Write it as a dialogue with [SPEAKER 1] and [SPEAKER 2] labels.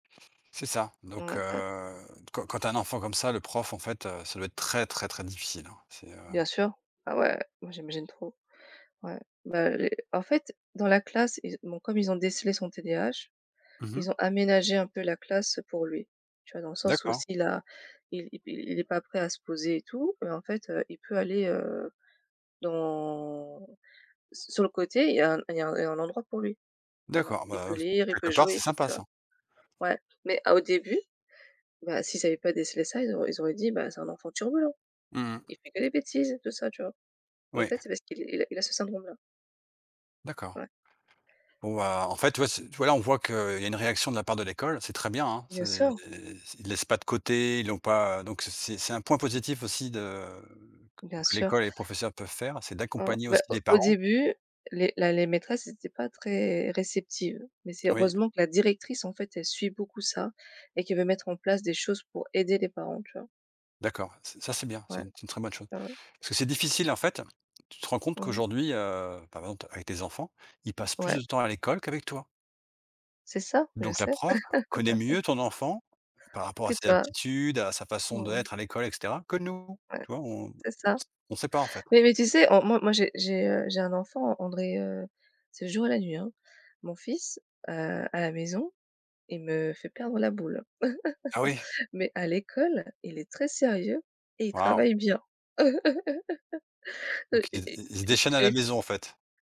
[SPEAKER 1] C'est ça, donc
[SPEAKER 2] Ouais et
[SPEAKER 1] heu, quand quand tu as un enfant comme ça, le prof, en fait, heu, ça doit être très, très, très difficile, hein. C'est, heu
[SPEAKER 2] Bien sûr, ah ouais. Moi, j'imagine trop. Ouais, ben, les en fait, dans la classe, ils bon, comme ils ont décelé son TDAH,
[SPEAKER 1] Mmh mh.
[SPEAKER 2] ils ont aménagé un peu la classe pour lui, tu vois? Dans le sens où
[SPEAKER 1] D'accord.
[SPEAKER 2] s'il a il i i il est pas prêt à se poser et tout, heu, en fait, heu, il peut aller, heu, dans s sur le côté, il y a il y a un il y a un endroit pour lui, voilà.
[SPEAKER 1] D'accord,
[SPEAKER 2] Il peut
[SPEAKER 1] ben, s
[SPEAKER 2] lire, il peut
[SPEAKER 1] quelque part
[SPEAKER 2] jouer
[SPEAKER 1] c'est
[SPEAKER 2] et tout,
[SPEAKER 1] sympa,
[SPEAKER 2] tu vois?
[SPEAKER 1] ça.
[SPEAKER 2] Ouais, mais à au début, ben, s'ils avaient pas décelé ça, ils auraient ils auraient dit, ben: «C'est un enfant turbulent.
[SPEAKER 1] Mmh mh.
[SPEAKER 2] Il fait que des bêtises», tout ça, tu vois? Mais en
[SPEAKER 1] Oui.
[SPEAKER 2] fait c'est parce qu'il est il a il a ce syndrome-là.
[SPEAKER 1] D'accord.
[SPEAKER 2] Ouais.
[SPEAKER 1] Waouh! En fait, ouais c voilà, on voit qu'il y a une réaction de la part de l'école. C'est très bien, hein, c'est
[SPEAKER 2] Bien sûr.
[SPEAKER 1] c ils laissent pas de côté, ils l'ont pas, heu, donc c'est c'est c'est un point positif aussi de q
[SPEAKER 2] Bien
[SPEAKER 1] que
[SPEAKER 2] sûr.
[SPEAKER 1] l'école et les professeurs peuvent faire, c'est
[SPEAKER 2] Mmh,
[SPEAKER 1] d'accompagner
[SPEAKER 2] ben,
[SPEAKER 1] aussi
[SPEAKER 2] au
[SPEAKER 1] les
[SPEAKER 2] au
[SPEAKER 1] parents.
[SPEAKER 2] début les la les maîtresses étaient pas très réceptives mais c'est
[SPEAKER 1] Oui.
[SPEAKER 2] heureusement que la directrice, en fait, elle suit beaucoup ça et qu'elle veut mettre en place des choses pour aider les parents, tu vois?
[SPEAKER 1] D'accord, ç ça c'est bien, c'est
[SPEAKER 2] Ouais.
[SPEAKER 1] une c'est une très bonne chose
[SPEAKER 2] Ouais, ouais.
[SPEAKER 1] parce que c'est difficile, en fait, tu te rends compte
[SPEAKER 2] Mmh mh.
[SPEAKER 1] qu'aujourd'hui, heu, bah par exemple t avec tes enfants, ils passent plus de
[SPEAKER 2] Ouais.
[SPEAKER 1] temps à l'école qu'avec toi!
[SPEAKER 2] C'est ça, je
[SPEAKER 1] Donc la
[SPEAKER 2] sais.
[SPEAKER 1] prof connaît mieux ton enfant, par rapport
[SPEAKER 2] Que
[SPEAKER 1] à ses
[SPEAKER 2] toi.
[SPEAKER 1] aptitudes, à sa façon
[SPEAKER 2] Mmh mh.
[SPEAKER 1] d'être à l'école et cetera, que nous!
[SPEAKER 2] Ouais,
[SPEAKER 1] Tu vois, on s
[SPEAKER 2] c'est ça
[SPEAKER 1] on sait pas en fait.
[SPEAKER 2] mais mais tu sais, en moi moi, j'ai j'ai, heu, j'ai un enfant, on dirait, heu, c'est le jour et la nuit, hein. Mon fils, heu, à la maison, il me fait perdre la boule
[SPEAKER 1] Ah oui!
[SPEAKER 2] mais à l'école, il est très sérieux et il
[SPEAKER 1] Waouh!
[SPEAKER 2] travaille bien. Heu
[SPEAKER 1] Donc i i il se
[SPEAKER 2] j
[SPEAKER 1] déchaîne à la
[SPEAKER 2] j'ai f
[SPEAKER 1] maison, en fait?